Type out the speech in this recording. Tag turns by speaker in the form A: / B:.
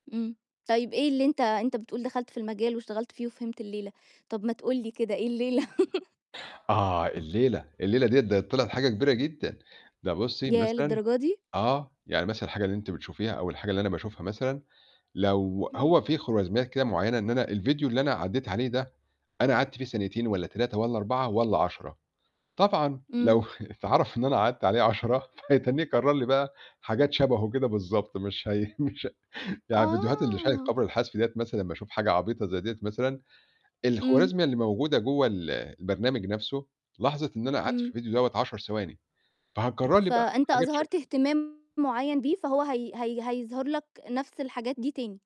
A: إمم. طيب إيه اللي أنت أنت بتقول دخلت في المجال واشتغلت فيه وفهمت الليلة، طب ما تقول لي كده إيه الليلة؟
B: آه الليلة، الليلة ديّة ده طِلعِت حاجة كبيرة جدًا. ده بُصي
A: ياه!
B: مثلًا
A: للدرجة دي؟
B: آه، يعني مثلًا الحاجة اللي أنتِ بتشوفيها أو الحاجة اللي أنا باشوفها مثلًا، لو
A: امم.
B: هو في خوارزميات كده معينة إن أنا الفيديو اللي أنا عدّيت عليه ده أنا قعدت فيه ثانيتين والّا 3 والّا 4 والّا 10. طبعًا
A: إمم.
B: لو اتعرَف إن أنا قعدت عليه 10، فهيتّنيه يكرّر لي بقى حاجات شَبهُه كده بالضبط، مش هي مش يعني الفيديوهات اللي شاهد
A: آه.
B: قبل الحذف ديّة مثلًا باشوف حاجة عبيطة زي ديّة مثلًا.
A: إمم.
B: الخوارزمية اللي موجودة جوا ال البرنامج نَفْسه لاحظِت إن أنا قعدت في
A: إمم.
B: الفيديو دوّة 10 ثواني، فهتكرّر لي بقى
A: فأنت
B: حاجات
A: أظهرت
B: شَكلُه.
A: اهتمام معيّن بيه فهو هي هي هيظهر لك نَفْس الحاجات دي تاني.